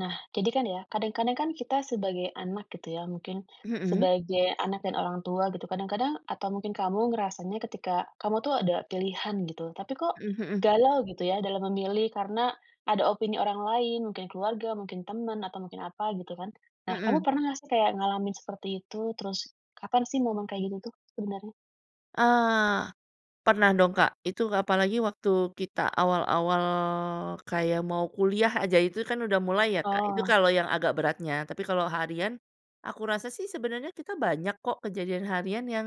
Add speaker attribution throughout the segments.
Speaker 1: Nah, jadi kan ya, kadang-kadang kan kita sebagai anak gitu ya, mungkin
Speaker 2: Mhm.
Speaker 1: sebagai anak dan orang tua gitu kadang-kadang atau mungkin kamu ngerasanya ketika kamu tuh ada pilihan gitu. Tapi kok,
Speaker 2: Mhm mhm.
Speaker 1: galau gitu ya dalam memilih, karena ada opini orang lain, mungkin keluarga, mungkin teman, atau mungkin apa gitu kan. Nah, kamu
Speaker 2: Mhm.
Speaker 1: pernah gak sih, kayak ngalamin seperti itu? Terus kapan sih momen kayak gini tuh, sebenarnya?
Speaker 2: Eee. Pernah dong, Kak, itu apalagi waktu kita awal-awal, kayak mau kuliah aja itu kan udah mulai ya, Kak, itu
Speaker 1: Oh.
Speaker 2: kalau yang agak beratnya, tapi kalau harian. Aku rasa sih sebenarnya kita banyak kok kejadian harian yang,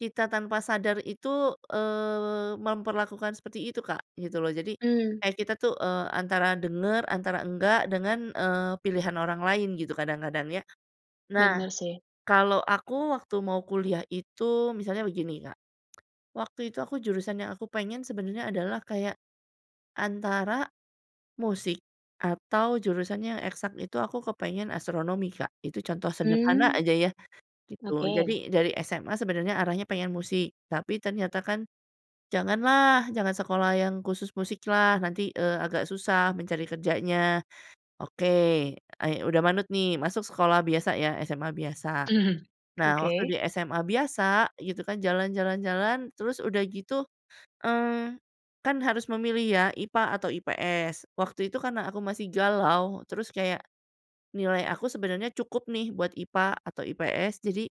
Speaker 2: kita tanpa sadar itu, eee, memperlakukan seperti itu Kak gitu loh, jadi
Speaker 1: Mmm.
Speaker 2: kayak kita tuh, eee, antara dengar antara enggak, eee, dengan, eee, pilihan orang lain gitu kadang-kadang ya. Nah,
Speaker 1: Benar sih.
Speaker 2: kalau aku waktu mau kuliah itu, misalnya begini Kak, waktu itu aku jurusan yang aku pengen sebenarnya adalah kayak, antara musik, atau jurusan yang eksak itu aku kepengen astronomi Kak, itu contoh sederhana
Speaker 1: Mmm.
Speaker 2: aja ya, gitu.
Speaker 1: Oke.
Speaker 2: Jadi, dari SMA sebenarnya arahnya pengen musik, tapi ternyata kan, "Jangan lah, jangan sekolah yang khusus musik lah, nanti, eee, agak susah mencari kerjanya." Oke, e udah manut nih, masuk sekolah biasa ya SMA biasa.
Speaker 1: Mhm.
Speaker 2: Nah, waktu
Speaker 1: Oke.
Speaker 2: di SMA biasa gitu kan, jalan jalan jalan, terus udah gitu, mmm, kan harus memilih ya IPA atau IPS, waktu itu karena aku masih galau, terus kayak nilai aku sebenarnya cukup nih buat IPA, atau IPS. Jadi,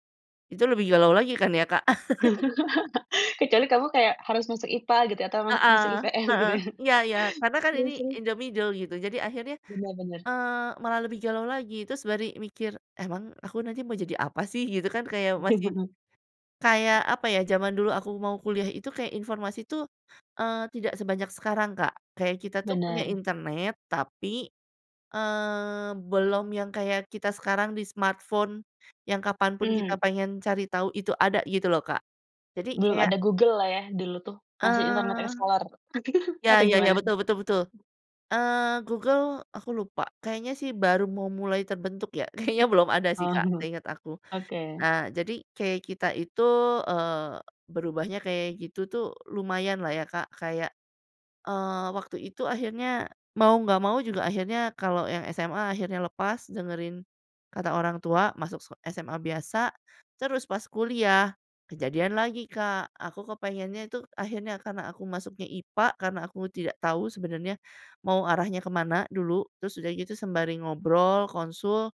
Speaker 2: itu lebih galau lagi kan ya, Kak?
Speaker 1: Kecuali kamu kayak, harus masuk IPA gitu atau mas masuk
Speaker 2: Heeh
Speaker 1: IPS
Speaker 2: heeh.
Speaker 1: gitu ya?
Speaker 2: Iya iya karena kan ini,
Speaker 1: Terus terus.
Speaker 2: in the middle gitu jadi akhirnya,
Speaker 1: Benar Benar.
Speaker 2: eee, malah lebih galau lagi terus baru mikir, emang aku nanti mau jadi apa sih? Gitu kan kayak masih, kayak, apa ya, jaman dulu aku mau kuliah itu, kayak informasi tuh, eee, tidak sebanyak sekarang Kak, kayak kita tuh punya
Speaker 1: Benar.
Speaker 2: internet tapi, eee, belum yang kayak kita sekarang di smartphone, yang kapan pun kita
Speaker 1: Mmm.
Speaker 2: pengen cari tahu itu ada gitu loh Kak. Jadi
Speaker 1: Belum
Speaker 2: kayak
Speaker 1: ada Google lah ya dulu tuh, masih Internet
Speaker 2: eee.
Speaker 1: Explorer,
Speaker 2: Ya
Speaker 1: atau
Speaker 2: ya ya,
Speaker 1: gimana?
Speaker 2: betul betul betul, eee, Google, aku lupa, kayaknya sih baru mau mulai terbentuk ya, kayaknya belum ada sih
Speaker 1: Oh.
Speaker 2: Kak seingat aku.
Speaker 1: Oke.
Speaker 2: Nah, jadi kayak kita itu, eee, berubahnya kayak gitu tuh, lumayan lah ya Kak, kayak, eee, waktu itu akhirnya mau gak mau juga akhirnya kalau yang SMA akhirnya lepas dengerin kata orang tua, masuk se SMA biasa terus pas kuliah, kejadian lagi Kak, aku kepengennya tuh akhirnya karena aku masuknya IPA, karena aku tidak tahu sebenernya, mau arahnya kemana dulu, terus udah gitu sembari ngobrol, konsul,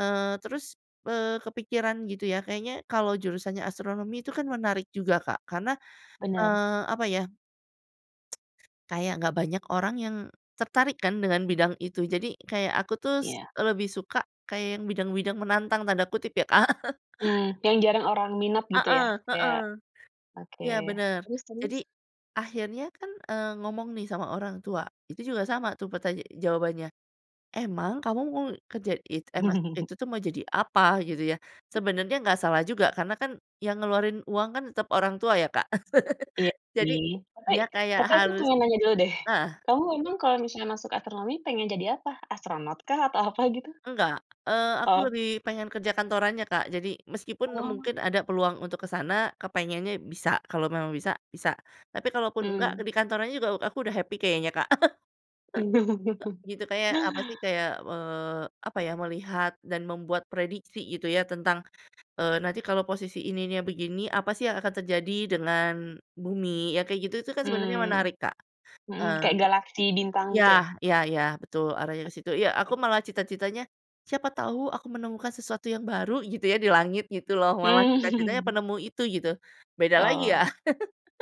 Speaker 2: eee, terus, eee, kepikiran gitu ya, kayaknya kalau jurusannya astronomi itu kan menarik juga Kak, karena,
Speaker 1: Benar.
Speaker 2: eee, apa ya, kayak gak banyak orang yang tertarik kan dengan bidang itu, jadi kayak aku tuh s
Speaker 1: Iya.
Speaker 2: lebih suka kayak yang bidang-bidang "menantang" tanda kutip ya Kak.
Speaker 1: Mmm, yang jarang orang minat gitu
Speaker 2: Heeh
Speaker 1: ya?
Speaker 2: heeh.
Speaker 1: Kayak oke,
Speaker 2: Iya benar,
Speaker 1: terus terus.
Speaker 2: jadi akhirnya kan, eee, ngomong nih sama orang tua, itu juga sama tuh pertanya jawabannya, "Emang kamu mau kerja it eee, ma itu tuh mau jadi apa?" Gitu ya, sebenernya gak salah juga karena kan, yang ngeluarin uang kan tetap orang tua ya Kak,
Speaker 1: Iya
Speaker 2: jadi,
Speaker 1: sih, tapi
Speaker 2: dia kayak
Speaker 1: tapi aku
Speaker 2: harus
Speaker 1: pengen nanya dulu deh.
Speaker 2: nah.
Speaker 1: Kamu emang kalau misalnya masuk astronomi pengen jadi apa? Astronot kah atau apa gitu?
Speaker 2: Engga, eee, aku
Speaker 1: Oh.
Speaker 2: lebih pengen kerja kantorannya Kak, jadi meskipun
Speaker 1: Oh.
Speaker 2: mungkin ada peluang untuk ke sana, kepengennya bisa, kalau memang bisa, bisa, tapi kalau pun enggak
Speaker 1: Mmm.
Speaker 2: ke di kantorannya juga aku udah happy kayaknya Kak. Gitu kayak, apa sih kayak, eee, apa ya, melihat dan membuat prediksi gitu ya, tentang, eee, nanti kalau posisi ininya begini, apa sih yang akan terjadi dengan bumi? Yang kayak gitu itu kan sebenernya
Speaker 1: Mmm.
Speaker 2: menarik, Kak
Speaker 1: Mhm,
Speaker 2: heeh.
Speaker 1: kayak galaksi bintang
Speaker 2: Iya
Speaker 1: gitu ya?
Speaker 2: iya iya betul, arahnya ke situ, iya aku malah cita-citanya, siapa tahu aku menemukan sesuatu yang baru gitu ya di langit, gitu loh malah cita-citanya
Speaker 1: Mmm.
Speaker 2: penemu itu gitu. Beda lagi
Speaker 1: Oh.
Speaker 2: ya,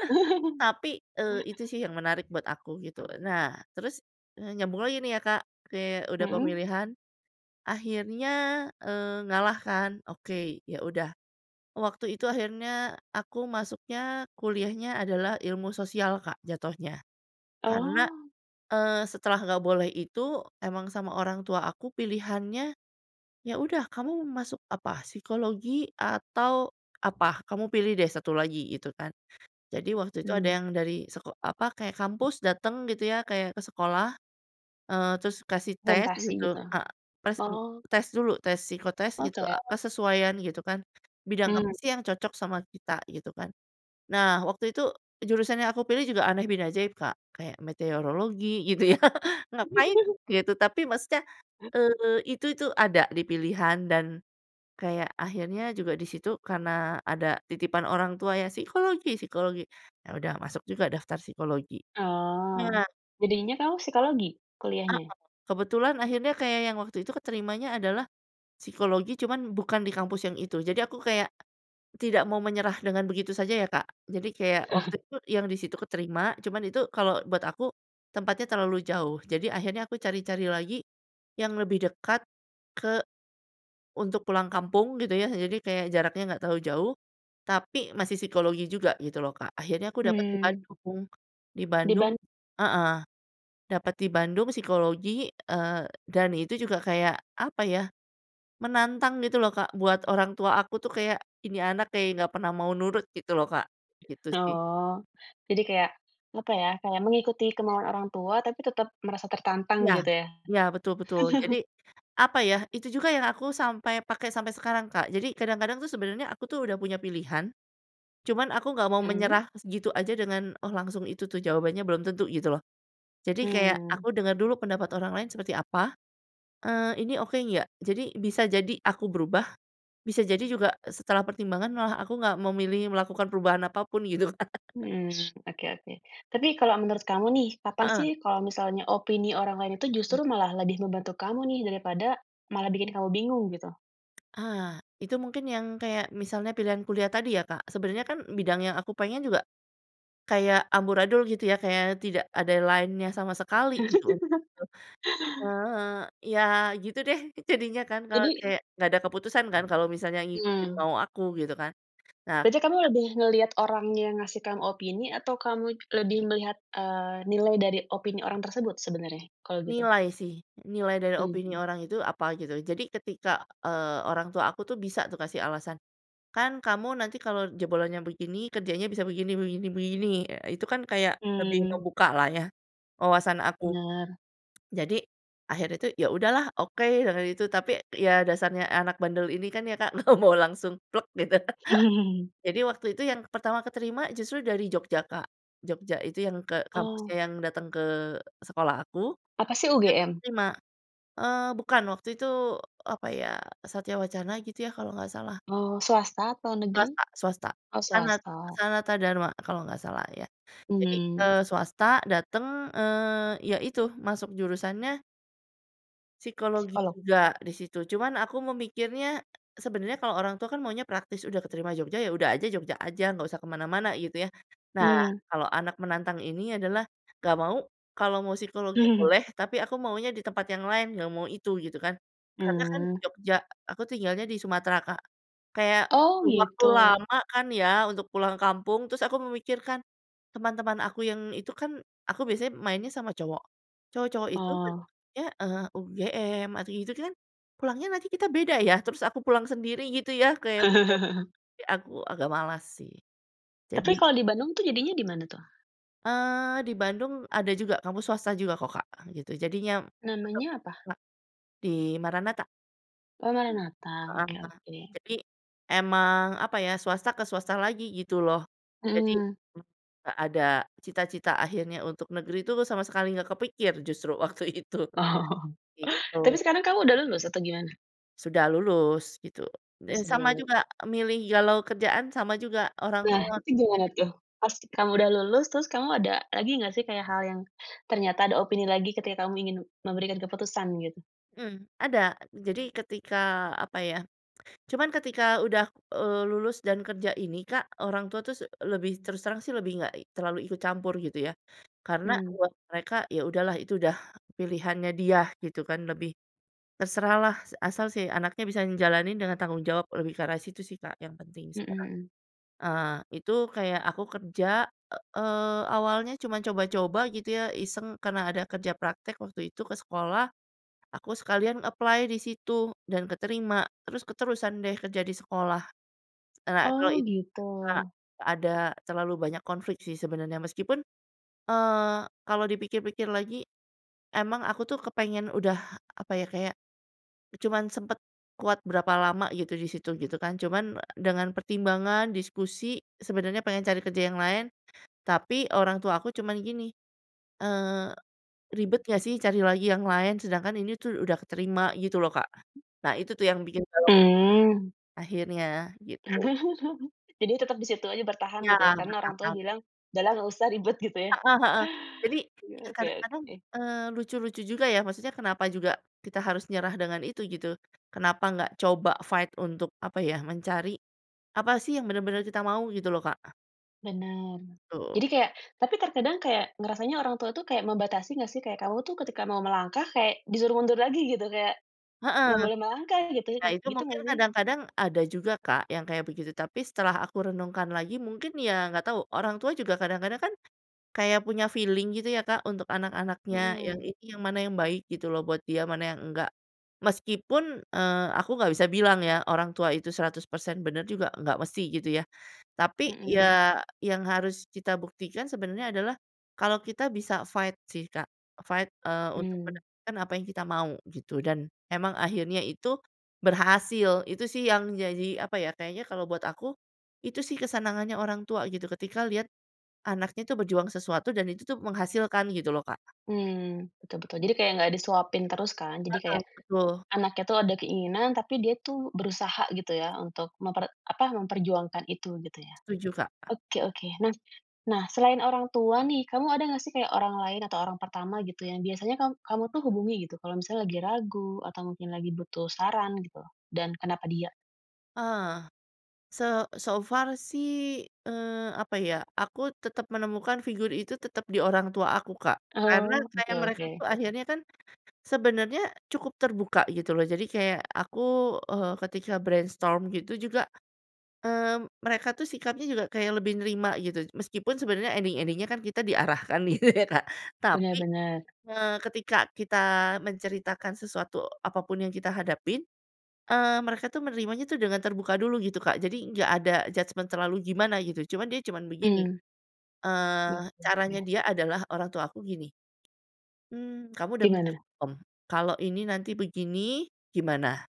Speaker 2: tapi, eee, itu sih yang menarik buat aku gitu. Nah, terus, eee, nyambung lagi nih ya Kak, oke udah
Speaker 1: Mhm.
Speaker 2: pemilihan, akhirnya, eee ngalah kan, oke ya udah, waktu itu akhirnya aku masuknya kuliahnya adalah ilmu sosial, Kak jatuhnya, karena,
Speaker 1: Oh.
Speaker 2: eee, setelah gak boleh itu, emang sama orang tua aku pilihannya, "Ya udah kamu mau masuk apa? Psikologi, atau apa? Kamu pilih deh 1 lagi," gitu kan. Jadi waktu itu ada
Speaker 1: Hmm.
Speaker 2: yang dari seko apa kayak kampus datang gitu ya, kayak ke sekolah, eee, terus kasih tes
Speaker 1: Presentasi
Speaker 2: gitu,
Speaker 1: gitu?
Speaker 2: eee, tes
Speaker 1: Oh.
Speaker 2: tes dulu tes psikotes gitu,
Speaker 1: Oke.
Speaker 2: kesesuaian gitu kan, bidang apa
Speaker 1: Mmm.
Speaker 2: sih yang cocok sama kita, gitu kan. Nah, waktu itu, jurusan yang aku pilih juga aneh bin ajaib Kak, kayak metereologi gitu ya, ngapain gitu, tapi maksudnya, eee, itu itu ada di pilihan dan kayak akhirnya juga di situ karena ada titipan orang tua ya, psikologi psikologi, ya udah aku masuk juga daftar psikologi.
Speaker 1: Oh.
Speaker 2: Nah
Speaker 1: Jadinya kamu psikologi,
Speaker 2: Heeh.
Speaker 1: kuliahnya?
Speaker 2: Kebetulan akhirnya kayak yang waktu itu keterimanya adalah, psikologi cuman bukan di kampus yang itu, jadi aku kayak tidak mau menyerah dengan begitu saja ya Kak, jadi kayak, waktu itu yang di situ keterima, cuman itu kalau buat aku tempatnya terlalu jauh, jadi akhirnya aku cari-cari lagi, yang lebih dekat ke. Untuk pulang kampung gitu ya, jadi kayak jaraknya gak terlalu jauh, tapi masih psikologi juga gitu loh Kak, akhirnya aku dapet di
Speaker 1: Mmm.
Speaker 2: Bandung, di
Speaker 1: Di
Speaker 2: Bandung
Speaker 1: ban
Speaker 2: heeh, dapat di Bandung psikologi, eee, dan itu juga kayak apa ya, menantang gitu loh Kak buat orang tua aku tuh, kayak, "Ini anak kayak gak pernah mau nurut" gitu loh Kak, gitu sih.
Speaker 1: Oh. Jadi kayak, apa ya, kayak mengikuti kemauan orang tua tapi tetap merasa tertantang,
Speaker 2: Iya.
Speaker 1: gitu ya?
Speaker 2: Iya betul betul, jadi, apa ya, itu juga yang aku sampai pakai sampai sekarang, Kak. Jadi, kadang-kadang tuh sebenernya aku tuh udah punya pilihan. Cuman aku gak mau
Speaker 1: Mhm.
Speaker 2: menyerah gitu aja dengan, "Oh langsung itu tuh jawabannya," belum tentu gitu loh. Jadi kayak
Speaker 1: Mmm.
Speaker 2: aku dengar dulu pendapat orang lain seperti apa, eee, "Ini oke nggak?" Jadi bisa jadi, aku berubah, bisa jadi juga setelah pertimbangan malah aku gak memilih melakukan perubahan apapun, gitu Kak.
Speaker 1: Mhm, oke oke. Tapi, kalau menurut kamu nih, kapan sih
Speaker 2: Heeh.
Speaker 1: kalau misalnya opini orang lain itu
Speaker 2: Mmm.
Speaker 1: justru malah lebih membantu kamu nih daripada malah bikin kamu bingung gitu?
Speaker 2: Ah. Itu mungkin yang kayak, misalnya pilihan kuliah tadi ya Kak, sebenarnya kan bidang yang aku pengen juga. Kayak amburadul gitu ya, kayak tidak ada line-nya sama sekali, gitu. Eee, ya gitu deh, jadinya kan kalau
Speaker 1: Jadi?
Speaker 2: kayak gak ada keputusan kan kalau misalnya ngikutin
Speaker 1: Mmm.
Speaker 2: mau aku, gitu kan. Nah,
Speaker 1: Berarti
Speaker 2: tapi
Speaker 1: kamu
Speaker 2: Kak.
Speaker 1: lebih ngeliat orang yang ngasih kamu opini atau kamu it lebih melihat, eee, nilai dari opini orang tersebut sebenarnya, kalau gitu?
Speaker 2: Nilai sih. Nilai dari opini
Speaker 1: Mhm.
Speaker 2: orang itu apa gitu, jadi ketika, eee, orang tuh aku tuh bisa tuh aku kasih alasan. "Kan kamu nanti kalau jebolannya begini, kerjanya bisa begini begini begini." Eee, itu kan kayak lebih
Speaker 1: Mmm.
Speaker 2: ngebuka lah ya wawasan aku.
Speaker 1: Benar.
Speaker 2: Jadi, akhirnya tuh "Ya udahlah, oke." katanya gitu, tapi, ya dasarnya anak bandel ini kan ya Kak, nggak mau langsung plek gitu. Jadi waktu itu yang pertama keterima justru dari Jogja Kak, Jogja itu yang ke kampusnya
Speaker 1: Oh.
Speaker 2: yang datang ke sekolah aku.
Speaker 1: Apa sih,
Speaker 2: Itu
Speaker 1: UGM?
Speaker 2: keterima, eee, bukan waktu itu, apa ya, Satya Wacana gitu ya, kalau ga salah.
Speaker 1: Oh, swasta atau negeri?
Speaker 2: Swasta swasta.
Speaker 1: Oh,
Speaker 2: Sanat
Speaker 1: swasta.
Speaker 2: Sanata Dharma kalau ga salah ya. Jadi,
Speaker 1: Mmm.
Speaker 2: eee, swasta datang, eee, ya itu masuk jurusannya psikologi
Speaker 1: Psikolog.
Speaker 2: juga di situ, cuman aku memikirnya, sebenernya kalau orang tua kan maunya praktis, udah keterima Jogja, ya udah aja Jogja aja, gak usah ke mana-mana gitu ya. Nah,
Speaker 1: Mmm.
Speaker 2: kalau anak menantang ini adalah, "Gak mau, kalau mau psikologi boleh, tapi aku maunya di tempat yang lain, gak mau itu," gitu kan. Karena kan
Speaker 1: Mmm.
Speaker 2: Jogja, aku tinggalnya di Sumatera Kak, kayak
Speaker 1: Oh,
Speaker 2: butuh waktu
Speaker 1: gitu?
Speaker 2: lama kan ya untuk pulang kampung, terus aku memikirkan, teman-teman aku yang itu kan, aku biasanya mainnya sama cowok, cowok-cowok itu
Speaker 1: Oh.
Speaker 2: banyaknya, eee, UGM, atau gitu kan, pulangnya nanti kita beda ya, terus aku pulang sendiri gitu ya, kayak [unintelligible] aku agak malas sih.
Speaker 1: Tapi
Speaker 2: Jadi
Speaker 1: kalau di Bandung tuh, jadinya dimana tuh?
Speaker 2: Eee, di Bandung ada juga, kampus swasta juga kok Kak, gitu, jadinya tetep
Speaker 1: Namanya apa?
Speaker 2: Kak. Di Maranatha.
Speaker 1: Oh
Speaker 2: Mmm.
Speaker 1: Maranatha,
Speaker 2: Heeh
Speaker 1: oke
Speaker 2: heeh.
Speaker 1: oke.
Speaker 2: Jadi, emang apa ya, swasta ke swasta lagi gitu loh. Jadi,
Speaker 1: Mmm.
Speaker 2: gak ada cita-cita akhirnya untuk negeri tuh sama sekali gak kepikir justru waktu itu.
Speaker 1: Oh.
Speaker 2: Gitu.
Speaker 1: Tapi sekarang kamu udah lulus? Atau gimana?
Speaker 2: Sudah lulus gitu,
Speaker 1: Oh
Speaker 2: eee,
Speaker 1: sudah
Speaker 2: sama
Speaker 1: lulu
Speaker 2: juga, milih galau kerjaan sama juga orang
Speaker 1: Nah
Speaker 2: tua.
Speaker 1: itu gimana
Speaker 2: Iya.
Speaker 1: tuh? Pas kamu udah lulus terus kamu ada lagi gak sih, kayak hal yang ternyata ada opini lagi ketika kamu ingin memberikan keputusan gitu?
Speaker 2: Mmm. Ada, jadi ketika, apa ya, cuman ketika udah, eee, lulus dan kerja ini Kak, orang tua tuh s lebih, terus terang sih lebih gak terlalu ikut campur gitu ya. Karena,
Speaker 1: Mmm.
Speaker 2: buat mereka, ya udahlah itu udah pilihannya dia gitu kan, lebih terserah lah, sa asal si anaknya bisa ngejalanin dengan tanggung jawab, lebih ke arah situ sih, Kak, yang penting
Speaker 1: Mhm
Speaker 2: sekarang.
Speaker 1: mhm.
Speaker 2: Heeh, Itu kayak aku kerja, eee, awalnya cuman coba-coba gitu ya, iseng, karena ada kerja praktek waktu itu ke sekolah, aku sekalian apply di situ dan keterima, terus keterusan deh kerja di sekolah. Eee, nah, kalau
Speaker 1: Oh,
Speaker 2: it
Speaker 1: gitu?
Speaker 2: a gak ada terlalu banyak konflik sih sebenarnya, meskipun, eee, kalau dipikir-pikir lagi, emang aku tuh kepengen udah apa ya, kayak, cuman sempat kuat berapa lama gitu di situ, gitu kan, cuman dengan pertimbangan, diskusi, sebenarnya pengen cari kerja yang lain. Tapi orang tua aku, cuman gini, eee, "Ribet gak sih cari lagi yang lain? Sedangkan ini tuh udah kerima." Gitu loh Kak. Nah, itu tuh yang bikin gawat.
Speaker 1: Mmm.
Speaker 2: Akhirnya, gitu.
Speaker 1: Jadinya tetap di situ aja bertahan
Speaker 2: Iya,
Speaker 1: gitu ya, karena orang tua
Speaker 2: bertahan.
Speaker 1: bilang, "Udah lah gak usah ribet." Gitu ya?
Speaker 2: Heeh heeh. Jadi,
Speaker 1: Ya
Speaker 2: ya
Speaker 1: oke
Speaker 2: kadang-kadang,
Speaker 1: oke.
Speaker 2: eee, lucu-lucu juga ya, maksudnya kenapa juga kita harus nyerah dengan itu? Gitu. Kenapa ga coba fight untuk, apa ya, mencari. Apa sih yang benar-benar kita mau? Gitu loh, Kak.
Speaker 1: Benar.
Speaker 2: Betul.
Speaker 1: Jadi kayak tapi terkadang kayak, ngerasanya orang tua tuh, kayak membatasi gak sih? Kayak kamu tuh ketika mau melangkah, kayak disuruh mundur lagi gitu, kayak,
Speaker 2: Heeh.
Speaker 1: gak boleh melangkah gitu ya?
Speaker 2: Nah, itu
Speaker 1: Gitu
Speaker 2: mungkin
Speaker 1: gak sih?
Speaker 2: kadang-kadang, ada juga Kak, yang kayak begitu. Tapi, setelah aku renungkan lagi, mungkin ya ga tau, orang tua juga kadang-kadang kan. Kayak punya feeling gitu ya Kak, untuk anak-anaknya, yang
Speaker 1: Mhm.
Speaker 2: ini, yang mana yang baik gitu loh buat dia, mana yang enggak. Meskipun, eee, aku gak bisa bilang ya, orang tua itu 100% benar juga ga mesti gitu ya. Tapi,
Speaker 1: Mhm.
Speaker 2: ya yang harus kita buktikan sebenarnya adalah kalau kita bisa fight sih Kak, fight, eee, untuk
Speaker 1: Mmm.
Speaker 2: mendapatkan apa yang kita mau, gitu, dan memang akhirnya itu berhasil, itu sih yang jadi apa ya, kayaknya kalau buat aku, itu sih kesenangannya orang tua gitu, ketika liat anaknya tuh berjuang sesuatu dan itu tuh menghasilkan gitu loh, Kak.
Speaker 1: Mmm, betul betul. Jadi kayak gak disuapin terus kan, jadi
Speaker 2: Heeh.
Speaker 1: kayak.
Speaker 2: Betul.
Speaker 1: Anaknya tuh ada keinginan, tapi dia tuh berusaha gitu ya, untuk memper apa, memperjuangkan itu, gitu ya?
Speaker 2: Setuju Kak.
Speaker 1: Oke oke. Nah nah, selain orang tua nih, kamu ada ga sih kayak orang lain, atau orang pertama gitu yang biasanya kam kamu tuh hubungi gitu, kalau misalnya lagi ragu atau mungkin lagi butuh saran gitu, dan kenapa dia?
Speaker 2: Eh. Se so far sih, eee, apa ya, aku tetap menemukan figur itu tetap di orang tua aku, Kak, karena
Speaker 1: Oh, oke
Speaker 2: kayak mereka
Speaker 1: oke.
Speaker 2: tuh akhirnya kan. Sebenarnya cukup terbuka gitu loh, jadi kayak aku, eee, ketika brainstorm gitu juga, eee, mereka tuh sikapnya juga kayak lebih nerima gitu, meskipun sebenarnya ending-ending-nya kan kita diarahkan nih, Kak.
Speaker 1: Benar
Speaker 2: Tapi,
Speaker 1: benar.
Speaker 2: eee, ketika kita menceritakan sesuatu apapun yang kita hadapin, eee, mereka tuh menerimanya tuh dengan terbuka dulu, gitu Kak, jadi gak ada judgement terlalu gimana gitu, cuman dia cuman begini,
Speaker 1: Mmm. Mhm.
Speaker 2: eee, caranya
Speaker 1: Ya.
Speaker 2: dia adalah orang tua aku gini, ...mmm, "Kamu udah
Speaker 1: Di mana?
Speaker 2: mikirin belum, kalau ini nanti begini, gimana?"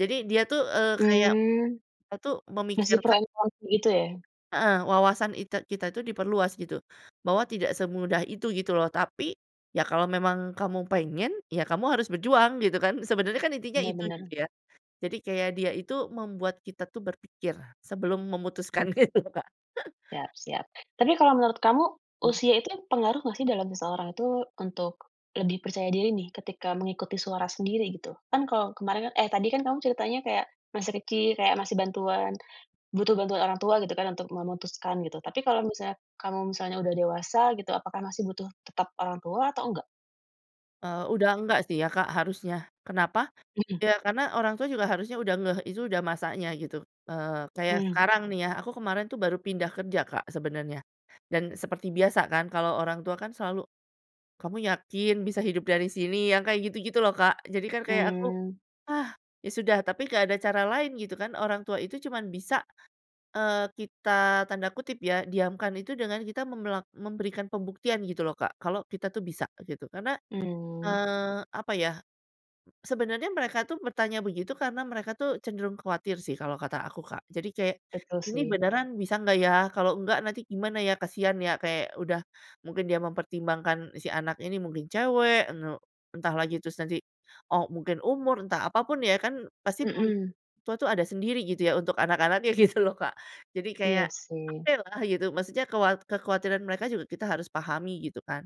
Speaker 2: Jadi, dia tuh, eee, kayak,
Speaker 1: Mmm.
Speaker 2: a tuh
Speaker 1: Ngasih pro
Speaker 2: memikirkan
Speaker 1: and con gitu ya?
Speaker 2: Heeh, wawasan ite kita tuh diperluas gitu. Bahwa tidak semudah itu gitu loh, tapi, "Ya kalau memang kamu pengen, ya kamu harus berjuang." Gitu kan, sebenernya kan intinya
Speaker 1: Benar
Speaker 2: itu,
Speaker 1: Benar.
Speaker 2: gitu ya. Jadi kayak dia itu membuat kita tuh berpikir sebelum
Speaker 1: Mmm.
Speaker 2: memutuskan, gitu, Kak.
Speaker 1: Siap siap. Tapi kalau menurut kamu,
Speaker 2: Iya.
Speaker 1: usia itu pengaruh gak sih dalam seseorang itu, untuk lebih percaya diri nih ketika mengikuti suara sendiri, gitu? Kan kalau kemaren eh tadi kan kamu ceritanya kayak, masih kecil, kayak masih bantuan. Butuh bantuan orang tua gitu kan, untuk memutuskan gitu, tapi kalau misalnya, kamu misalnya udah dewasa gitu, apakah masih butuh tetap orang tua, atau enggak?
Speaker 2: Eee, udah enggak sih ya Kak, harusnya. Kenapa?
Speaker 1: Mhm.
Speaker 2: Ya, karena orang tua juga harusnya udah ngeh itu udah masanya gitu, eee, kayak
Speaker 1: Mmm.
Speaker 2: sekarang nih ya, aku kemarin tuh baru pindah kerja Kak, sebenarnya, dan seperti biasa kan kalau orang tua kan selalu, "Kamu yakin bisa hidup dari sini?" Yang kayak gitu-gitu loh, Kak, jadi kan kayak aku.
Speaker 1: Mmm.
Speaker 2: "Ah, ya sudah." Tapi gak ada cara lain gitu kan, orang tua itu cuman bisa, eee, kita tanda kutip ya, "diamkan" itu dengan kita memelak memberikan pembuktian gitu loh Kak, kalau kita tuh bisa, gitu. Karena,
Speaker 1: Mmm.
Speaker 2: eee, apa ya, sebenarnya mereka tuh bertanya begitu karena mereka tuh cenderung khawatir sih kalau kata aku, Kak. Jadi kayak,
Speaker 1: Betul
Speaker 2: "Ini
Speaker 1: sih.
Speaker 2: beneran bisa gak ya? Kalau enggak nanti gimana ya? Kasian ya." Kayak udah, mungkin dia mempertimbangkan si anak ini mungkin cewek, ene entah lagi terus nanti, oh mungkin umur, entah apa pun ya kan, pasti pemikiran
Speaker 1: Mhm.
Speaker 2: orang tua tuh ada sendiri gitu ya, untuk anak-anaknya gitu loh Kak. Jadi kayak,
Speaker 1: Iya sih.
Speaker 2: oke lah, gitu, maksudnya kewat kekhawatiran mereka juga kita harus pahami gitu kan.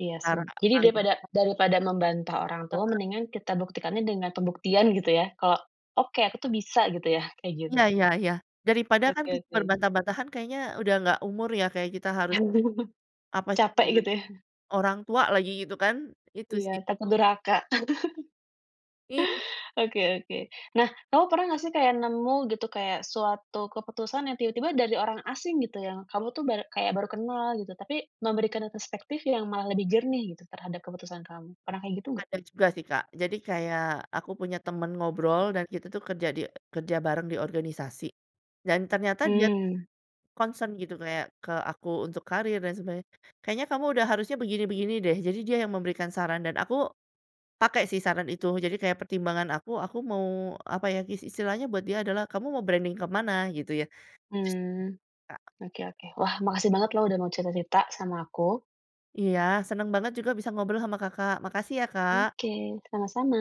Speaker 1: Iya sih.
Speaker 2: Cara
Speaker 1: Jadi
Speaker 2: paling
Speaker 1: daripada daripada membantah orang tua
Speaker 2: Heeh.
Speaker 1: mendingan kita buktikannya dengan pembuktian gitu ya? Kalau, "Oke, aku tuh bisa." Gitu ya, kayak gitu?
Speaker 2: Iya iya iya, daripada
Speaker 1: Oke
Speaker 2: kan pintar
Speaker 1: oke.
Speaker 2: bantah-bantahan kayaknya udah gak umur ya, kayak kita harus apa sih
Speaker 1: Capek
Speaker 2: guna
Speaker 1: gitu ya?
Speaker 2: [unintelligible] orang tua lagi gitu kan. Itu
Speaker 1: Iya,
Speaker 2: sih.
Speaker 1: takut durhaka.
Speaker 2: Iya.
Speaker 1: Oke oke. Nah, kamu pernah gak sih kayak, nemu gitu, kayak suatu keputusan yang tiba-tiba dari orang asing gitu, yang kamu tuh bar kayak baru kenal gitu, tapi memberikan perspektif yang malah lebih jernih gitu terhadap keputusan kamu, pernah kayak gitu ga?
Speaker 2: Ada juga sih Kak, jadi kayak, aku punya teman ngobrol dan kita tuh kerja di kerja bareng di organisasi, dan ternyata dia
Speaker 1: Mmm.
Speaker 2: concern gitu kayak, ke aku untuk karir dan sebagainya, "Kayaknya kamu udah harusnya begini-begini deh." Jadi dia yang memberikan saran dan aku, pakai sih saran itu, jadi kayak pertimbangan aku, aku mau, apa ya, is istilahnya buat dia adalah "Kamu mau branding ke mana?" Gitu ya. Itu sih
Speaker 1: Mmm.
Speaker 2: Kak.
Speaker 1: Oke oke, wah makasih banget loh udah mau cerita-cerita, sama aku.
Speaker 2: Iya, senang banget juga bisa ngobrol sama Kakak, makasih ya Kak.
Speaker 1: Oke, sama-sama.